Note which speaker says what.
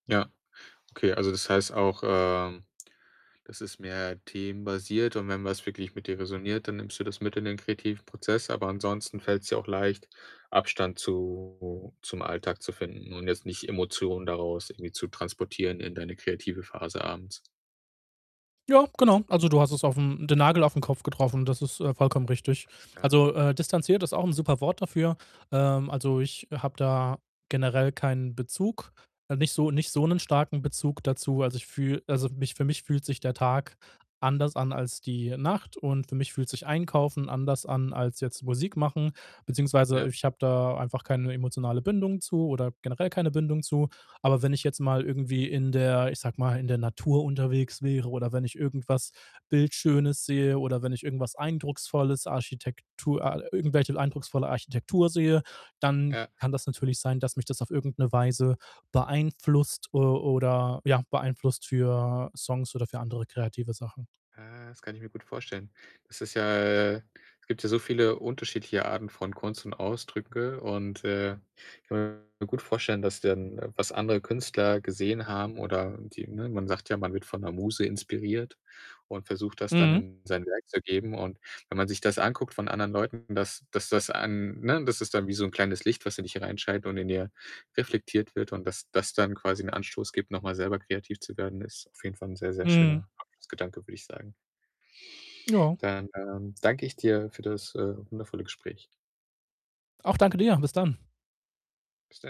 Speaker 1: Ja, okay. Also, das heißt auch, ähm, das ist mehr themenbasiert und wenn was wirklich mit dir resoniert, dann nimmst du das mit in den kreativen Prozess, aber ansonsten fällt's dir auch leicht, Abstand zu zum Alltag zu finden und jetzt nicht Emotionen daraus irgendwie zu transportieren in deine kreative Phase abends.
Speaker 2: Ja, genau. Also, du hast es auf 'n den Nagel auf 'n Kopf getroffen und das ist, äh, vollkommen richtig.
Speaker 1: Alles klar.
Speaker 2: Also, äh, distanziert ist auch 'n super Wort dafür. Ähm, also, ich habe da generell keinen Bezug, nicht so nicht so 'nen starken Bezug dazu. Also, ich fühle also, mich für mich fühlt sich der Tag anders an als die Nacht und für mich fühlt sich Einkaufen anders an als jetzt Musik machen. Beziehungsweise,
Speaker 1: Ja.
Speaker 2: ich habe da einfach keine emotionale Bindung zu oder generell keine Bindung zu. Aber wenn ich jetzt mal irgendwie in der ich sage mal, in der Natur unterwegs wäre oder wenn ich irgendwas Bildschönes sehe oder wenn ich irgendwas Eindrucksvolles, Architektur a irgendwelche eindrucksvolle Architektur sehe, dann
Speaker 1: Ja.
Speaker 2: kann das natürlich sein, dass mich das auf irgend 'ne Weise beeinflusst, äh, oder ja beeinflusst für Songs oder für andere kreative Sachen.
Speaker 1: Äh, das kann ich mir gut vorstellen. Das ist ja äh, es gibt ja so viele unterschiedliche Arten von Kunst und Ausdrücke und, äh, ich kann mir gut vorstellen, dass dann, was andere Künstler gesehen haben oder die ne, man sagt ja, man wird von 'ner Muse inspiriert und versucht, das dann
Speaker 2: Mhm.
Speaker 1: in sein Werk zu geben und wenn man sich das anguckt von anderen Leuten, dass dass das an ne, das ist dann wie so 'n kleines Licht, was in dich hereinscheint und in dir reflektiert wird und, dass das dann quasi 'n Anstoß gibt, noch mal selber kreativ zu werden, ist auf jeden Fall 'n sehr, sehr
Speaker 2: Mhm.
Speaker 1: schöner Abschlussgedanke, würd ich sagen.
Speaker 2: Ja.
Speaker 1: Dann, ähm, danke ich dir für das, äh, wundervolle Gespräch.
Speaker 2: Auch, danke dir. Bis dann.
Speaker 1: Bis de